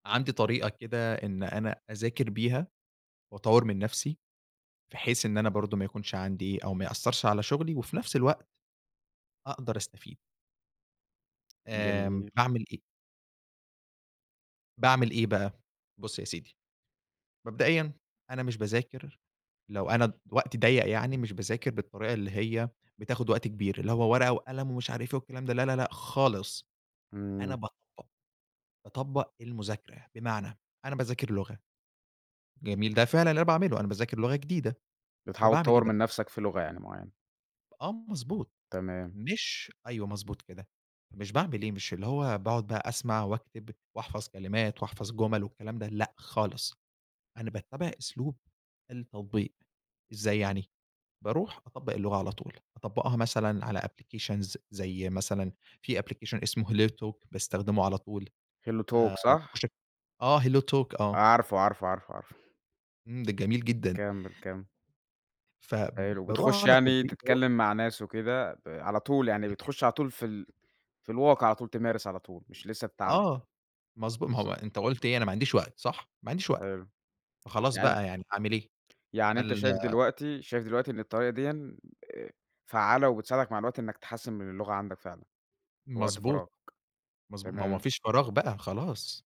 عندي طريقة كده إن أنا أذاكر بيها وأطوَّر من نفسي بحيث إن أنا برضه ما يكونش عندي أو ما يأثَّرش على شغلي وفي نفس الوقت أقدر أستفيد. آمم، جميل. باعمل إيه؟ باعمل إيه بقى؟ بُص يا سيدي، مبدئيًا أنا مش باذاكر لو أنا ض وقتي ضيَّق يعني مش باذاكر بالطريقة اللي هي بتاخد وقت كبير، اللي هو ورقة وقلم ومش عارف إيه والكلام ده لا، لا، لأ، خالص. أنا امم. باطبق. باطبق المذاكرة. بمعنى أنا باذاكر لغة، جميل ده فعلًا اللي أنا باعمله أنا باذاكر لغة جديدة. بتحاول فباعمل إيه تطوَّر من بقى؟ نفسك في لغة يعني معينة؟ آه مضبوط، تمام. مش أيوه مضبوط كده، مش باعمل إيه مش اللي هو باقعد بقى أسمع وأكتب وأحفظ كلمات وأحفظ جمل والكلام ده لأ، خالص، أنا باتَّبع أسلوب التطبيق. إزاي يعني؟ باروح أطبَّق اللغة على طول، أطبَّقها مثلًا على applications ز زي مثلًا في application اسمه HelloTalk باستخدمه على طول آآ HelloTalk صح؟ باخش أك آه HelloTalk آه. عارفه، عارفه، عارفه، عارفه. امم، ده جميل جدًا. كمِّل، كمِّل. حلو فباروح بتخش على يعني التطبيق دَوَّة تتكلم مع ناس وكده ب على طول يعني اهم. بتخش على طول في ال في الواقع على طول تمارس على طول، مش لسه هتتعلم. آه مضبو ما هو بالضبط. أنتَ قُلت إيه:" أنا ما عنديش وقت" صح؟ ما عنديش وقت. حلو. فخلاص يعن بقى يعني أعمل إيه؟ يعني أنتَ هل شايف دلوقتي شايف دلوقتي إن الطريقة ديًا آآ فعَّالة وبتساعدك مع الوقت إنك تحسِّن من اللغة عندك فعلًا؟ في وقت مضبوط. فراغك. مضبو ماهو ما تمام. فيش فراغ بقى خلاص.